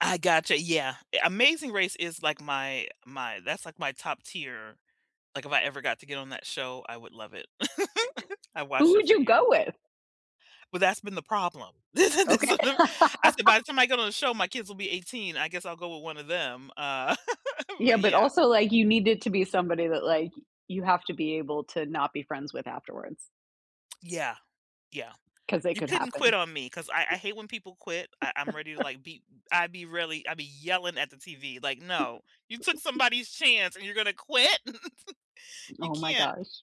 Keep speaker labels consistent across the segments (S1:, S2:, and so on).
S1: I gotcha, yeah, eh, Amazing Race is like my my that's like my top tier like, if I ever got to get on that show, I would love it. I
S2: Who
S1: watched it
S2: would
S1: for
S2: you
S1: year
S2: go with?
S1: but that's been the problem. [unintelligible] I
S2: Okay.
S1: said, "By the time I go to the show, my kids will be 18, I guess I'll go with 1 of them," uh,
S2: Yeah,
S1: but
S2: but
S1: yeah.
S2: also, like, you need it to be somebody that, like, you have to be able to not be friends with afterwards.
S1: Yeah, yeah,
S2: 'Cause it
S1: you
S2: could
S1: couldn't quit
S2: happen.
S1: on me, 'cause I I hate when people quit, I I'm ready to like be I'd be really I be yelling at the TV like, "No, you took somebody's chance and you're gonna quit?! You
S2: Oh my
S1: can't"
S2: gosh.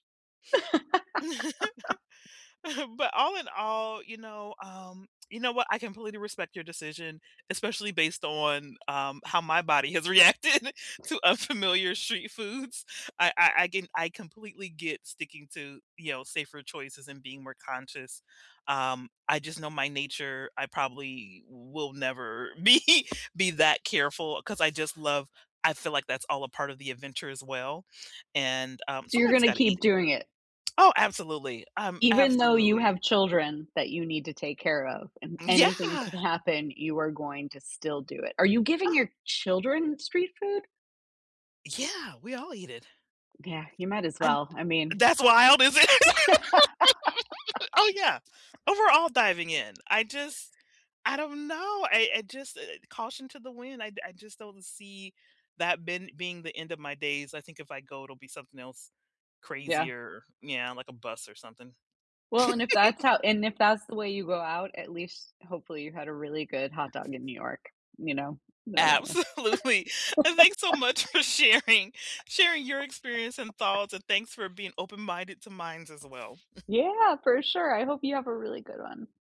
S1: But all in all, you know, um, you know what, I completely respect your decision, especially based on, um, how my body has reacted to unfamiliar street foods. I I I com I completely get sticking to, you know, safer choices and being more conscious, um, I just know my nature. I probably will never be be that careful 'cause I just love I feel like that's all a part of the adventure as well, and, um,
S2: So, you're
S1: somebody's
S2: gonna
S1: gotta eat
S2: keep
S1: it.
S2: doing it.
S1: Oh, absolutely, um,
S2: Even though you
S1: absolutely.
S2: have children that you need to take care of, and
S1: Mm,
S2: anything
S1: yeah.
S2: could happen, you are going to still do it. Are you giving your children street food?
S1: Yeah, we all eat it
S2: G yeah. You might as
S1: And
S2: well. I mean
S1: that's wild, is it? Oh yeah, overall diving in, I just I don't know, I I just, eh, caution to the wind, I I just don't see that ben being the end of my days, I think if I go, it'll be something else
S2: Yeah.
S1: crazier, yeah, like a bus or something.
S2: Well, and if that's how and if that's the way you go out, at least, hopefully, you had a really good hot dog in New York, you know? I don't know.
S1: Absolutely, and thanks so much for sharing sharing your experience and thoughts, and thanks for being open minded to mines as well.
S2: Yeah, for sure. I hope you have a really good one.